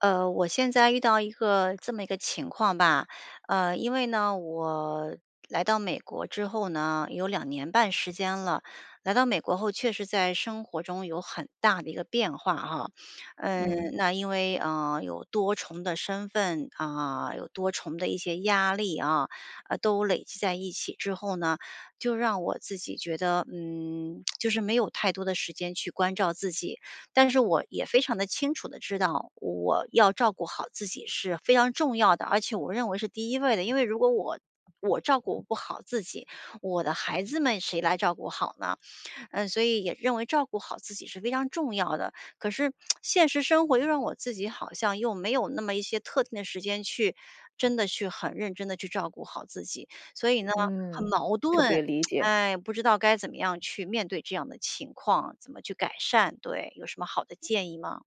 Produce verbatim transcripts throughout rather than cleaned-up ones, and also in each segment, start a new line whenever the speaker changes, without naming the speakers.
呃，我现在遇到一个这么一个情况吧，呃，因为呢，我来到美国之后呢，有两年半时间了，来到美国后，确实在生活中有很大的一个变化哈。嗯，
嗯。
那因为，呃，有多重的身份啊，有多重的一些压力啊，呃，都累积在一起之后呢，就让我自己觉得，嗯，就是没有太多的时间去关照自己。但是我也非常地清楚地知道，我要照顾好自己是非常重要的，而且我认为是第一位的，因为如果我我照顾不好自己，我的孩子们谁来照顾好呢？嗯，所以也认为照顾好自己是非常重要的，可是 现实生活又让我自己好像又没有那么一些特定的时间去真的去很认真地去照顾好自己。所以呢，很
嗯，
矛
特别
盾，
理解。
哎，不知道该怎么样去面对这样的情况，怎么去改善？对，有什么好的建议吗？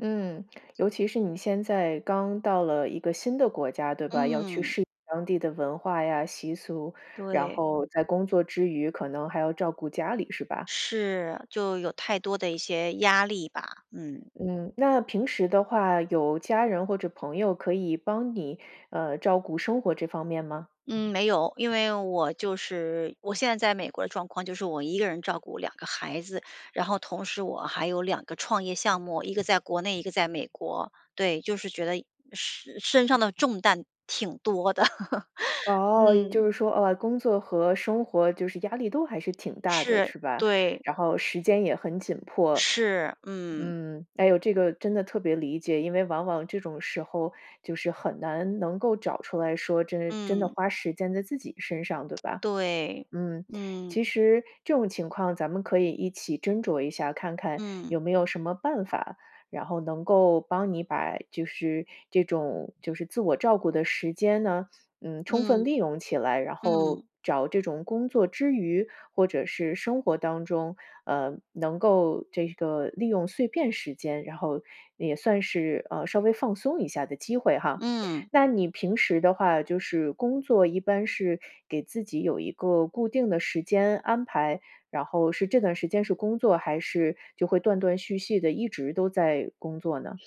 嗯，尤其是你现在刚到了一个新的国家，对吧？要去
嗯。
适应当地的文化呀、习俗，然
对。
后在工作之余，可能还要照顾家里，是吧？
是，就有太多的一些压力吧，嗯。
嗯，那平时的话，有家人或者朋友可以帮你，呃，照顾生活这方面吗？
嗯，没有，因为我就是我现在在美国的状况，就是我一个人照顾两个孩子，然后同时我还有两个创业项目，一个在国内，一个在美国。对，就是觉得身身上的重担挺多的，
哦，就
嗯。
是说，啊，工作和生活就是压力都还是挺大的，
是，
是吧？
对。
然后时间也很紧迫。
是，嗯。
嗯，哎哟，这个真的特别理解，因为往往这种时候，就是很难能够找出来说真真的
嗯。
花时间在自己身上，对 吧？
对，
嗯，
嗯。
其实这种情况咱们可以一起斟酌一下，看看
嗯。
有没有什么办法，然后能够帮你把就是这种就是自我照顾的时间呢，嗯，充
嗯，
分利用起来，然后
嗯。
找这种工作之余，或者是生活当中，呃，能够这个利用碎片时间，然后也算是，呃，稍微放松一下的机会哈。
嗯。
那你平时的话，就是工作一般是给自己有一个固定的时间安排，然后是这段时间是工作，还是就会断断续续地一直都在工作呢？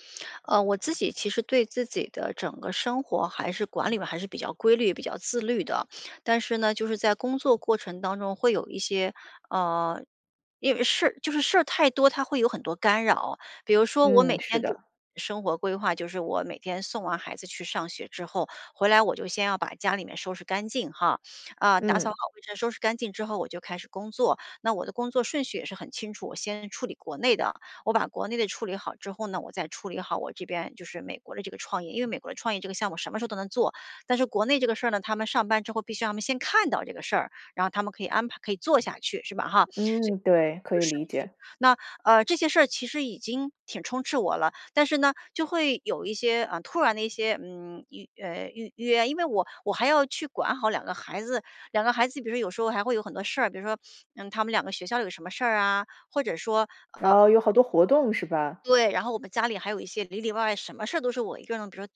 呃，我自己其实对自己的整个生活，还是管理嘛，还是比较规律、比较自律的，但是呢，就是在工作过程当中会有一些呃，因为事儿就是事儿太多，它会有很多干扰。比如说我
嗯，
每
是
天给
的。
生活规划，就是我每天送完孩子去上学之后，回来我就先要把家里面收拾干净哈，呃，打扫
嗯。
好卫生，收拾干净之后我就开始工作。那我的工作顺序也是很清楚，我先处理国内的，我把国内的处理好之后呢，我再处理好我这边就是美国的这个创业。因为美国的创业这个项目什么时候都能做，但是国内这个事儿呢，他们上班之后，必须要让他们先看到这个事儿，然后他们可以安排可以做下去，是吧哈？所以顺序
嗯，对，可以理解。
那，呃，这些事儿其实已经挺充斥我了，但是呢，就会有一些呃，突然的一些嗯，预呃，预约，因为我我还要去管好两个孩子，两个孩子比如说有时候还会有很多事儿，比如说，嗯，他们两个学校有什么事儿啊，或者说，呃
哦，有好多活动是吧？
对，然后我们家里还有一些里里外外什么事儿都是我一个人。比如说，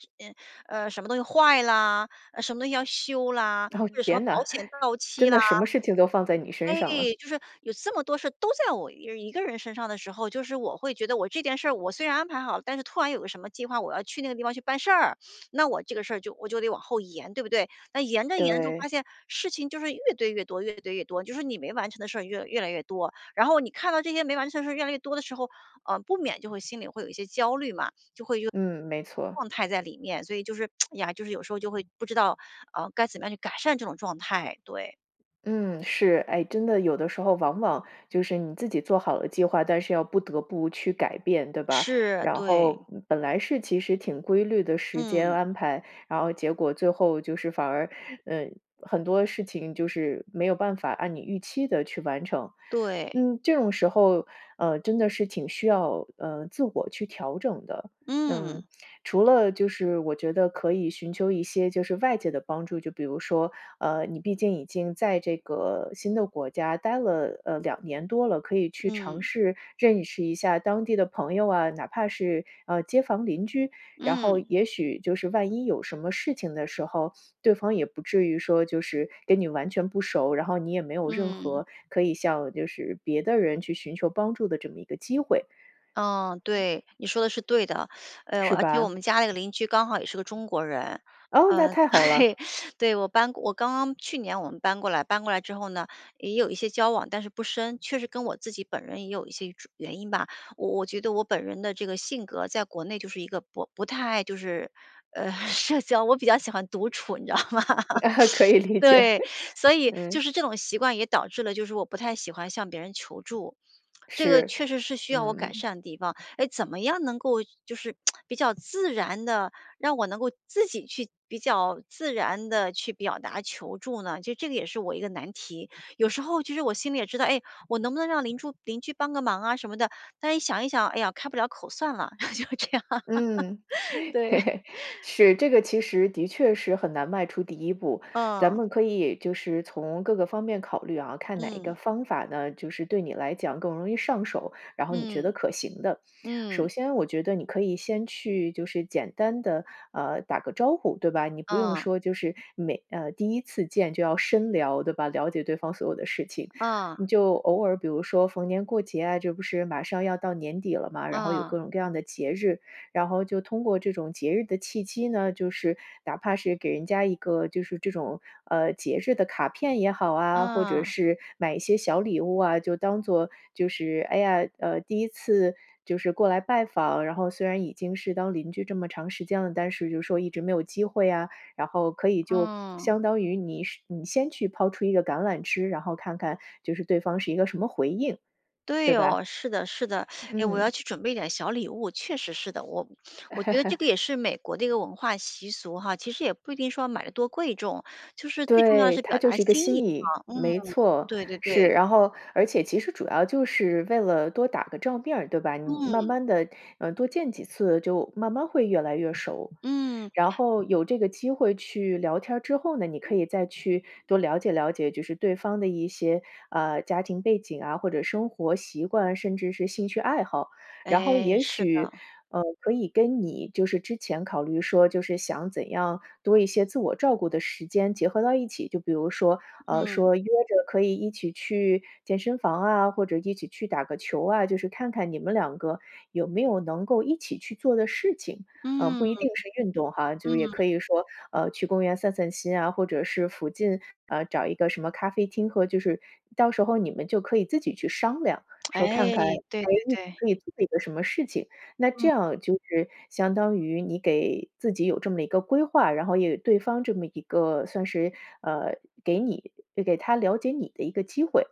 呃，什么东西坏了，呃，什么东西要修啦，
哦，
或者什么
天
保
哪，
险 到期
真
啦。
的什么事情都放在你身
哎，
上了。
就是有这么多事儿，都在我一个一个人身上的时候，就是我会觉得，我这件事儿我虽然安排好了，但是突然有个什么计划，我要去那个地方去办事儿，那我这个事儿就我就得往后延，对不对？那延着延着就发
对。
现，事情就是越堆越多越堆越多，就说你没完成的事儿越来越来越多，然后你看到这些没完成的事越来越多的时候，呃，不免就会心里会有一些焦虑嘛，就会有
嗯，没错。
状态在里面。所以就是 呀，就是有时候就会不知道，呃，该怎么样去改善这种状态，对。
嗯，是。诶，真的有的时候往往就是你自己做好了计划，但是要不得不去改变，对吧？
是，
然
对。
后，嗯，本来是其实挺规律的时间
嗯。
安排，然后结果最后就是反而，嗯，很多事情就是没有办法按你预期的去完成。
对。
嗯，这种时候，呃，真的是挺需要，呃，自我去调整的。嗯，
嗯。
除了就是我觉得可以寻求一些就是外界的帮助，就比如说呃，你毕竟已经在这个新的国家待了，呃，两年多了，可以去尝
嗯。
试认识一下当地的朋友啊，哪怕是，呃，街坊邻居。然后
嗯。
也许就是万一有什么事情的时候，对方也不至于说就是跟你完全不熟儿，然后你也没有任
嗯。
何可以向就是别的人去寻求帮助的这么一个机会。
嗯，对，你说的是对的。哎哟，
是
啊，就我
吧？
们家那个邻居刚好也是个中国人。
哦，那
嗯，
太好
对，
了。
对，我搬我刚刚去年我们搬过来。搬过来之后呢，也有一些交往，但是不深。确实跟我自己本人也有一些种原因吧，我我觉得我本人的这个性格在国内就是一个不不太爱就是，呃，社交，我比较喜欢独处，你知道吗？
可以 理解，
对，所以
嗯。
就是这种习惯也导致了就是我不太喜欢向别人求助，这个
是，
确实是需要我改
嗯。
善的地方。诶，怎么样能够就是 比较自然地让我能够自己去比较自然地去表达求助呢？就这个也是我一个难题。有时候其实我心里也知道，诶，我能不能让邻住邻居帮个忙啊什么的，但是一想一想，哎呀，开不了口，算了，就这样。
嗯。
对。
是，这个其实的确是很难迈出第一步。咱
嗯。
们可以就是从各个方面考虑啊，看哪一个
嗯。
方法呢，就是对你来讲更容易上手，然后你觉得
嗯，
可行的。首
嗯。
先我觉得你可以先去就是简单地，啊，打个招呼，对吧？你不用
啊。
说就是，每呃，第一次见就要深聊，对吧？了解对方所有的事情。
啊。
你就偶尔比如说逢年过节啊，这不是马上要到年底了吗，然后有各
啊。
种各样的节日。然后就通过这种节日的契机呢，就是哪怕是给人家一个就是这种，呃，节日的卡片也好啊，或者
啊。
是买一些小礼物啊，就当做就是，哎呀，呃，第一次就是过来拜访，然后虽然已经是当邻居这么长时间了，但是就是说一直没有机会呀。然后可以就
嗯。
相当于你你先去抛出一个橄榄枝，然后看看就是对方是一个什么回应，对
对
吧？
哦，是的是的。诶，我
嗯。
要去准备点儿小礼物，确实是的。我我觉得这个也 是美国的一个文化习俗哈，其实也不一定说买得多贵重，就是最重要的
对，
是
它
表
就
达
是一个
心意，
心意。
啊。嗯，
没错，
对对
是。
对。
然后而且其实主要就是为了多打个照面儿对吧，你慢
嗯。
慢地，呃，多见几次就慢慢会越来越熟儿。
嗯。
然后有这个机会去聊天儿之后呢，你可以再去多了解了解，就是对方的一些，啊，家庭背景啊，或者生活习惯，甚至是兴趣爱好。然后
诶，
也
是
许，
的。
呃，可以跟你就是之前考虑说就是想怎样多一些自我照顾的时间结合到一起。就比如说呃，
嗯。
说约着可以一起去健身房啊，或者一起去打个球啊。就是看看你们两个有没有能够一起去做的事情，啊，
嗯，
不一定是运动哈，就是也
嗯。
可以说，呃，去公园散散心啊，或者是附近，啊，找一个什么咖啡厅和就是到时候你们就可以自己去商量 说看看诶，
诶，对对
你
对。
可以做一个什么事情，那这
嗯。
样就是相当于你给自己有这么一个规划，然后也对方这么一个算是呃，给你给他了解你的一个机会。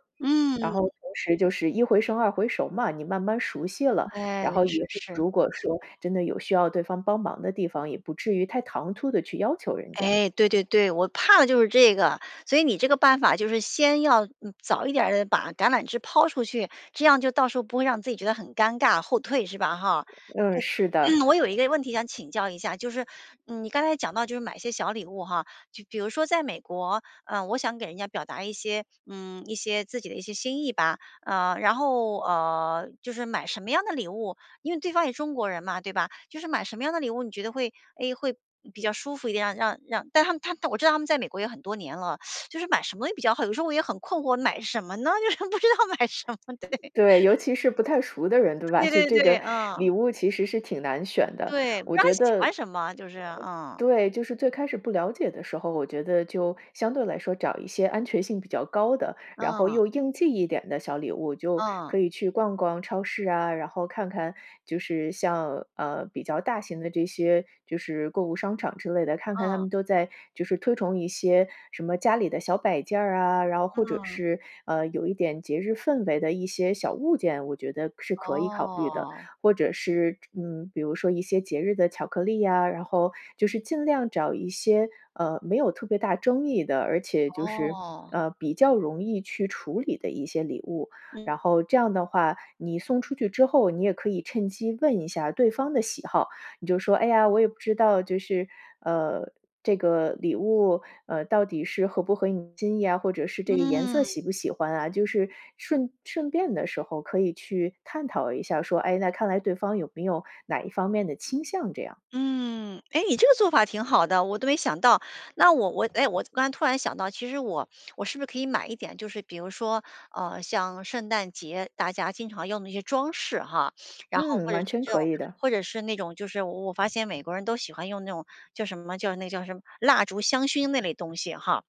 然
嗯。
后同时就是一回生二回熟儿嘛。你慢慢熟悉了，
哎，
然后
是，
也 [unintelligible]
是。
如果说真的有需要对方帮忙的地方，也不至于太唐突地去要求人家。
哎，对对对，我怕的就是这个，所以你这个办法就是先要嗯，早一点儿地把橄榄枝抛出去，这样就到时候不会让自己觉得很尴尬，后退，是吧哈？
嗯，是的。
对，我有一个问题想请教一下，就是，嗯，你刚才讲到就是买些小礼物哈，就比如说在美国，呃，我想给人家表达一些嗯，一些自己的一些心意吧。啊，然后，呃，就是买什么样的礼物因为对方也中国人嘛，对吧？就是买什么样的礼物，你觉得会诶，会比较舒服一点啊？让让但他他我知道他们在美国也很多年了，就是买什么也比较好？有的时候我也很困惑买什么呢，就是不知道买什么，对。
对，尤其是不太熟的人，对吧，
对，
就
对，
这
对，
个
啊。
礼物其实是挺难选的。
对，不知
我
道
觉得
喜
呃，
欢什么，就是嗯。
对。就是最开始不了解的时候，我觉得就相对来说找一些安全性比较高的，然后
嗯。
又应季一点的小礼物。就
嗯。
可以去逛逛超市啊，然后看看就是像，呃，比较大型的这些就是购物商场之类的，看看它
嗯。
们都在就是推崇一些什么家里的小摆件儿啊，然后或者
嗯。
是，呃，有一点节日氛围的一些小物件，我觉得是可以考虑的。
哦。
或者是嗯，比如说一些节日的巧克力呀，然后就是尽量找一些，呃，没有特别大争议的，而且就是，
哦。
呃，比较容易去处理的一些礼物。
嗯。
然后这样的话，你送出去之后，你也可以趁机问一下对方的喜好。你就说：“哎呀，我也不知道，就是呃，这个礼物，呃，到底是合不合你心意呀？”或者是“这个颜色
嗯。
喜不喜欢啊？”就是顺顺便的时候可以去探讨一下说，哎，那看来对方有没有哪一方面的倾向这样。
嗯，诶，你这个做法挺好的，我都没想到。那我我诶，我刚突然想到，其实我我是不是可以买一点，就是比如说，呃，像圣诞节，大家经常用的一些装饰哈。然后
嗯，
或者
完
是
全
这种
可以的。
或者是那种就是我我发现美国人都喜欢用那种叫什么叫那叫什么？蜡烛香薰那类东西哈。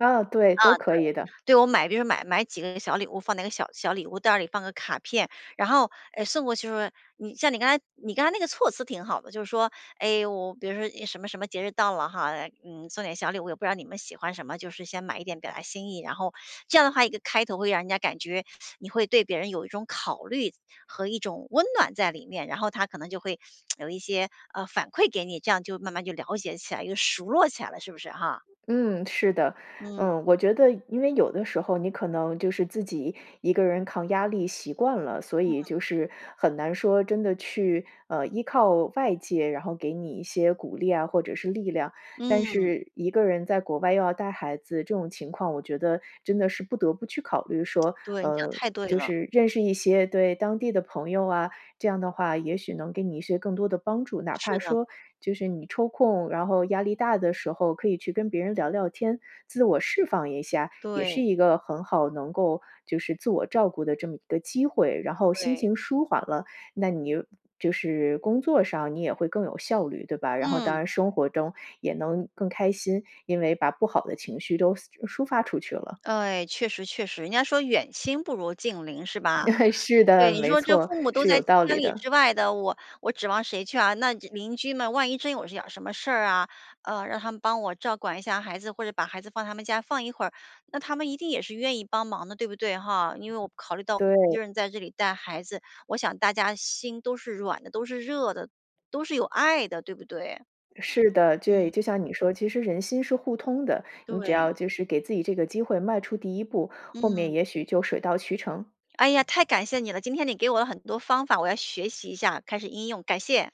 啊对，都
啊，对。
可以的。
对，我买比如说买买几个小礼物放那个小小礼物袋儿里，放个卡片，然后，诶，送过去时候，你像你刚才你刚才那个措辞挺好的，就是说：“诶，我比如说一什么什么节日到了哈，呃，嗯，送点小礼物，也不知道你们喜欢什么，就是先买一点表达心意。”然后这样的话，一个开头会让人家感觉，你会对别人有一种考虑和一种温暖在里面，然后他可能就会 有一些，呃，反馈给你，这样就慢慢就了解起来，就熟络起来了，是不是，哈？
嗯，是的，
嗯。
嗯，我觉得因为有的时候你可能就是自己一个人抗压力习惯了，所以
嗯。
就是很难说真的去，呃，依靠外界，然后给你一些鼓励啊，或者是力量。但
嗯。
是一个人在国外又要带孩子，这种情况我觉得真的是不得不去考虑，说，
对，你讲
呃，
太对
就
了。
是认识一些，对，当地的朋友啊，这样的话也许能给你一些更多的帮助。哪
是
怕
的。
说就是你抽空，然后压力大的时候，可以去跟别人聊聊天，自我释放一下，也是
对。
一个很好能够，就是自我照顾的这么一个机会。然后心
对。
情舒缓了，那你就是工作上你也会更有效率，对吧？然后当
嗯。
然生活中也能更开心，因为把不好的情绪都散抒发出去了。
对，确实确实，人家说远亲不如近邻，是吧？
是
对，
的，
你
没
说这
错，
父母都
是
在
有道
千
理
里
的。
之外的，我我指望谁去啊？那这邻居们万一真有一点儿什么事儿啊，呃，让他们帮我照管一下孩子，或者把孩子放他们家放一会儿，那他们一定也是愿意帮忙的，对不对，哈？因为我考虑到一
对。
个人在这里带孩子，我想大家心都是软的、都是热的、都是有爱的，对不对？
是的，对，
嗯。
就像你说，其实人心是互通的，你只
对。
要就是给自己这个机会迈出第一步，后面
嗯。
也许就水到渠成。
哎呀，太感谢你了！今天你给我了很多方法，我要学习一下，开始应用，感谢。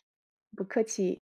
不客气。